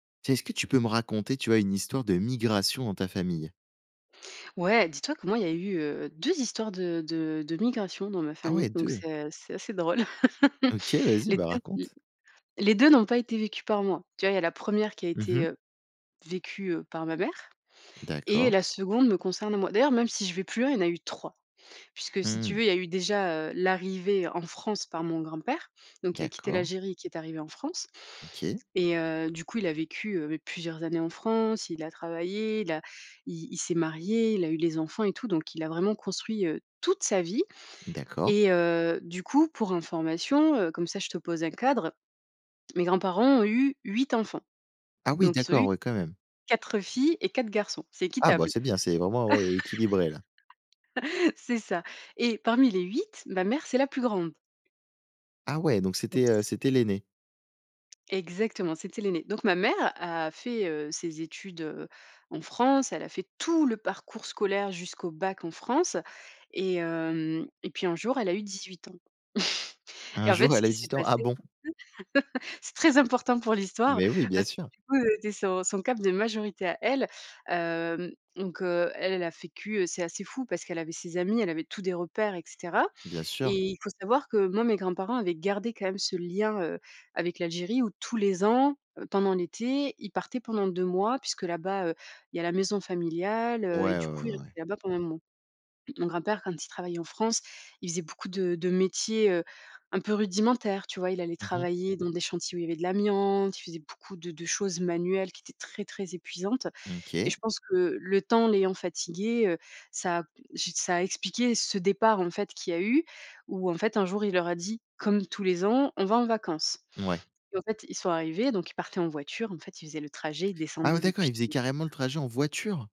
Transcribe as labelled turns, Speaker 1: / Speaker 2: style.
Speaker 1: Tiens, est-ce que tu peux me raconter, tu vois, une histoire de migration dans ta famille?
Speaker 2: Ouais, dis-toi que moi il y a, heu, 2 histoires de de de migration dans ma
Speaker 1: Ah
Speaker 2: famille
Speaker 1: ouais,
Speaker 2: donc
Speaker 1: 2.
Speaker 2: c'est, heu, c'est assez drôle.
Speaker 1: OK, vas-y
Speaker 2: Les
Speaker 1: ben
Speaker 2: 2 mmh,
Speaker 1: raconte!
Speaker 2: les 2 n'ont pas été vécues par moi. Tu vois, il y a la 1re qui a
Speaker 1: Mmh
Speaker 2: été,
Speaker 1: mh.
Speaker 2: heu, vécue, heu, par ma mère et
Speaker 1: D'accord.
Speaker 2: la 2de me concerne moi. D'ailleurs, même si je vais plus loin, il y en a eu 3, puisque si tu
Speaker 1: Mmh.
Speaker 2: veux, il y a eu déjà, heu, l'arrivée en France par mon grand père donc qui a quitté
Speaker 1: D'accord.
Speaker 2: l'Algérie, qui est arrivé en France.
Speaker 1: OK.
Speaker 2: Et heu, du coup il a vécu, heu mais plusieurs années en France, il a travaillé, il a il il s'est marié, il a eu les enfants et tout donc il a vraiment construit, heu, toute sa vie.
Speaker 1: D'accord.
Speaker 2: Et heu, du coup pour information, heu, comme ça je te pose un cadre, mes grands-parents ont eu 8 enfants.
Speaker 1: Ah oui,
Speaker 2: Donc ils ont
Speaker 1: d'accord,
Speaker 2: eu
Speaker 1: ouais quand même.
Speaker 2: 4 filles et 4 garçons, c'est
Speaker 1: Ah bah
Speaker 2: équitable.
Speaker 1: c'est bien, c'est vraiment, ouais, équilibré là.
Speaker 2: C'est ça, et parmi les 8, ma mère c'est la plus grande.
Speaker 1: Ah ouais, donc c'était, heu,
Speaker 2: Oups.
Speaker 1: c'était l'aînée?
Speaker 2: Exactement, c'était l'aînée. Donc ma mère a fait, heu, ses études, heu, en France, elle a fait tout le parcours scolaire jusqu'au bac en France et hem et puis un jour elle a eu 18 ans.
Speaker 1: Un
Speaker 2: Et en fait
Speaker 1: jour,
Speaker 2: ce
Speaker 1: elle a eu
Speaker 2: qui s'est
Speaker 1: 18 ans? Ah
Speaker 2: passé
Speaker 1: bon.
Speaker 2: [unintelligible] c'est très important pour l'histoire,
Speaker 1: Mais oui bien
Speaker 2: par ce que
Speaker 1: sûr.
Speaker 2: du coup c'était son son cap de majorité à elle. Hem, donc, heu, elle, elle a vécu heu, c'est assez fou parce qu'elle avait ses amis, elle avait tout des repères et cetera.
Speaker 1: Bien
Speaker 2: Et
Speaker 1: sûr.
Speaker 2: il faut savoir que, moi, mes grands parents avaient gardé quand même ce lien, heu, avec l'Algérie où tous les ans pendant l'été, ils partaient pendant 2 mois puisque là bas, heu, il y a la maison familiale, heu et
Speaker 1: Ouais, ouais,
Speaker 2: du
Speaker 1: ouais,
Speaker 2: coup ils
Speaker 1: ouais, ouais.
Speaker 2: restaient là-bas pendant un moment. Mon grand père, quand il travaillait en France, il faisait beaucoup de de métiers, heu, un peu rudimentaires. Tu vois, il allait
Speaker 1: Mmh mh.
Speaker 2: travailler dans des chantiers où il y avait de l'amiante, il faisait beaucoup de de choses manuelles qui étaient très, très épuisantes et
Speaker 1: OK.
Speaker 2: je pense que le temps, l'ayant fatigué, heu, ça a p j ça a expliqué ce départ en fait qui a eu ou en fait un jour il leur a dit comme tous les ans: «On va en vacances».
Speaker 1: Mouais.
Speaker 2: Et en fait, ils sont arrivés donc ils partaient en voiture. En fait, ils faisaient le trajet, ils
Speaker 1: Ah ouais
Speaker 2: descendaient
Speaker 1: d'accord,
Speaker 2: depuis
Speaker 1: ils faisaient carrément le trajet en voiture?